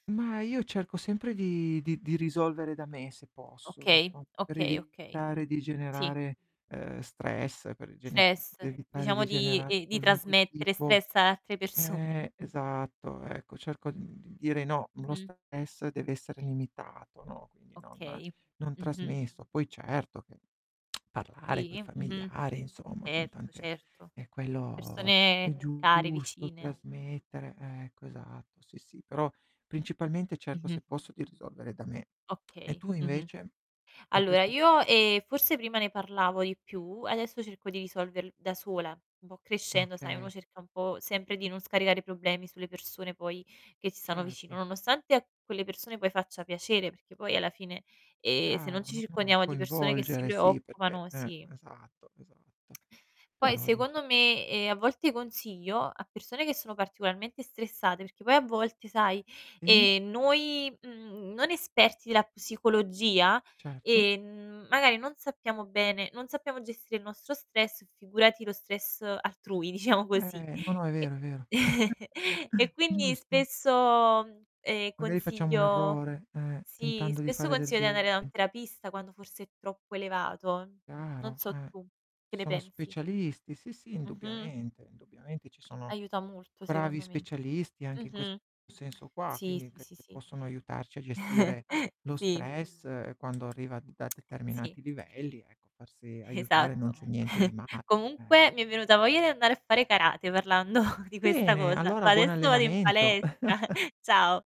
Ma io cerco sempre di di di risolvere da me, se posso, Okay, inso per okay, okay. evitare di Sì. generare, ehm, stress, per gene Stress, per evitare diciamo, di di generare ehm, di qualunque trasmettere tipo stress ad altre persone. eh, esatto, ecco, cerco, mhmm, di dire no, lo Mh-mh. stress deve essere limitato, no, quindi non Okay. non Mh-mh. trasmesso. Poi certo che parlare coi Sì, mh-mh, familiari, insomma, con erto, tante certo. ehm, quello Persone è care, giusto, vicine. trasmettere eh, ecco esatto, sì, sì. Però principalmente cerco, se Mh-mh. posso, di risolvere da me. E Okay, tu mh-mh. invece? In Allora, questo [unintelligible] io, ehm, forse prima ne parlavo di più, adesso cerco di risolverl da sola. Un po' crescendo, sai, uno Okay. cerca un po' sempre di non scaricare problemi sulle persone poi che ci stanno vicino, Certo. nonostante quelle persone poi faccia piacere, perché poi alla fine, ehm, se non Chiaro, ci no, no, circondiamo di persone che si coinvolgere, sì, perché preoccupano eh, sì. esatto, esatto. Poi Però dice secondo me, ehm, a volte consiglio a persone che sono particolarmente stressate, perché poi a volte, sai, E ehm, noi, mhmm, non esperti della psicologia, Certo. ehm, magari non sappiamo bene non sappiamo gestire il nostro stress, figurati lo stress altrui, diciamo così. Eh, No, no, è E vero, è vero. e quindi Giusto. spesso, ehm, Magari facciamo un consiglio errore, eh, sì, tentando di spesso fare del consiglio di andare be da un terapista quando forse è troppo elevato. Non Chiaro, so eh. tu, che Ci ne sono pensi? specialisti, sì, sì, Mh-mh. indubbiamente, indubbiamente ci sono Aiuta molto bravi secondo me. specialisti anche in ques Mh-mh. senso qua, Sì, quindi sì, che sì, sì. possono aiutarci a gestire lo Sì. stress quando arriva da Sì. determinati livelli, ecco, farsi aiutare, non Esatto. c'è niente di male, eh. Comunque mi è venuta voglia di andare a fare karate parlando di questa Bene, cosa. allora Va buon adesso vado in allenamento. palestra. Ciao.